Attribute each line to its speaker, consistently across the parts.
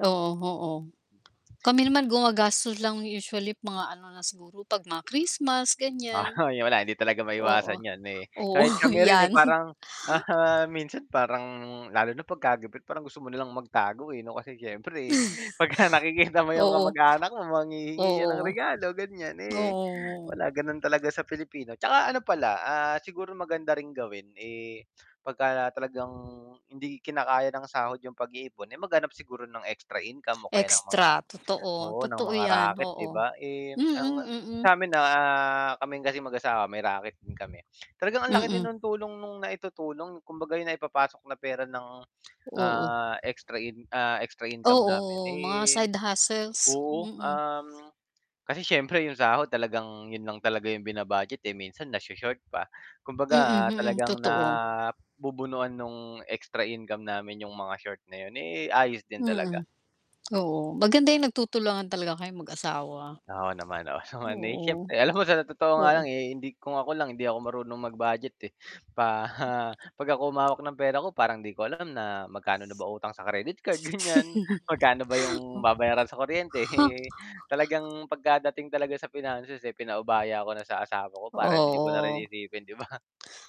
Speaker 1: Oo, oo. Kami naman gumagastos lang usually mga ano na siguro 'pag mga Christmas, ganyan.
Speaker 2: Oh, yun wala, eh, hindi talaga maiwasan
Speaker 1: Oo.
Speaker 2: yan, eh.
Speaker 1: Oo,
Speaker 2: Kahit kami rin eh,
Speaker 1: yan.
Speaker 2: parang, ah, minsan parang lalo na 'pagka gipit parang gusto mo na lang magtago, eh, 'no? Kasi syempre, eh, pagka nakikita mo yung
Speaker 1: Oo.
Speaker 2: kamag-anak mo manghihingi yan ng
Speaker 1: Oo.
Speaker 2: regalo, ganyan, eh,
Speaker 1: Oo.
Speaker 2: wala ganon talaga sa Pilipino. Tsaka ano pala, ah, siguro maganda ring gawin, eh, 'pagka talagang hindi kinakaya ng sahod yung pag-iipon, eh, maghanap siguro ng extra income o kaya ng mga
Speaker 1: Extra, totoo.
Speaker 2: oo, ng
Speaker 1: Totoo
Speaker 2: mga
Speaker 1: yan,
Speaker 2: raket di
Speaker 1: oo.
Speaker 2: ba? Eh,
Speaker 1: Mm,
Speaker 2: ang, ah,
Speaker 1: mm.
Speaker 2: sa'min, ah ah, kaming kasing mag-asawa may raket din kami. Talagang ang laki din
Speaker 1: Mm.
Speaker 2: nung tulong nung naitutulong, kumbaga yung naipapasok na pera ng,
Speaker 1: Oo.
Speaker 2: ah, extra in ah, extra income
Speaker 1: Oo,
Speaker 2: namin,
Speaker 1: mga
Speaker 2: eh
Speaker 1: side hustles,
Speaker 2: oo,
Speaker 1: mm.
Speaker 2: um, kasi siyempre yung sahod talagang yun lang talaga yung bina-budget, eh, minsan nasho-short pa.
Speaker 1: Mm,
Speaker 2: Kumbaga, ah,
Speaker 1: mm,
Speaker 2: talagang
Speaker 1: totoo.
Speaker 2: nabubunuan nung extra income namin yung mga short na yun, eh, ayos din talaga.
Speaker 1: Mm, oo. Maganda yung nagtutulungan talaga kayong mag-asawa.
Speaker 2: Oo, naman 'no, so, na eh,
Speaker 1: Oo.
Speaker 2: siyempre. Alam mo sa totoo nga
Speaker 1: Oo.
Speaker 2: lang, eh, hindi kung ako lang hindi ako marunong mag-budget, eh.
Speaker 1: M
Speaker 2: Paha 'pag ako humawak ng pera ko parang 'di ko alam na magkano na ba utang sa credit card, ganyan Magkano ba 'yong
Speaker 1: Ho
Speaker 2: babayaran sa kuryente,
Speaker 1: Ha
Speaker 2: eh, talagang pagkadating talaga sa finances, eh, pinaubaya ko na sa asawa ko para hindi ko na rin
Speaker 1: Oo.
Speaker 2: iisipin, 'di ba?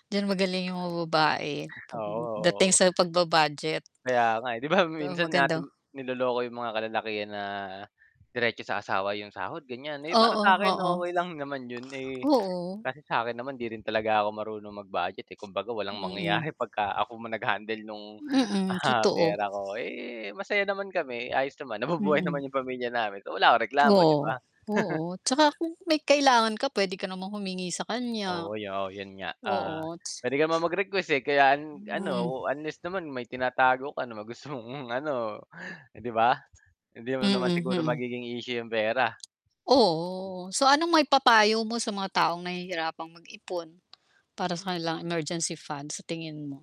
Speaker 1: Diyan magaling yung mga babae,
Speaker 2: Oo,
Speaker 1: pagdating
Speaker 2: oo.
Speaker 1: sa pagba-budget.
Speaker 2: Kaya nga, eh. Di ba,
Speaker 1: Oo,
Speaker 2: minsan
Speaker 1: magandang
Speaker 2: natin niloloko yung mga kalalakihan na diretso sa asawa yung sahod, ganyan. Eh, para
Speaker 1: Oo,
Speaker 2: sa'kin
Speaker 1: oo.
Speaker 2: okey lang naman yun, eh,
Speaker 1: Oo.
Speaker 2: kasi sa'kin naman hindi rin talaga ako marunong mag-budget, eh. Kumbaga walang
Speaker 1: Mm.
Speaker 2: mangyayari 'pagka ako ma nag-handle nung,
Speaker 1: Mm,
Speaker 2: ah,
Speaker 1: totoo.
Speaker 2: pera ko. Eh, masaya naman kami, ayos naman, nabubuhay
Speaker 1: Mm.
Speaker 2: naman yung pamilya namin, so wala akong reklamo, di ba?
Speaker 1: Oo. Oo, tsaka kung may kailangan ka pwede ka namang humingi sa kanya.
Speaker 2: Oo, yo 'yon nga. Ah,
Speaker 1: Oo, ta's
Speaker 2: puwede ka naman mag-request, eh, kaya an ano
Speaker 1: Hmm.
Speaker 2: o unless naman may tinatago ka na ma gusto mong ano, eh 'di ba? Hindi mo naman
Speaker 1: Mm,
Speaker 2: siguro
Speaker 1: hmm.
Speaker 2: magiging isyu 'yong pera. [unintelligible]
Speaker 1: Oo. So, anong maipapayo mo sa mga taong nahihirapang mag-ipon para sa kanilang emergency fund, sa tingin mo?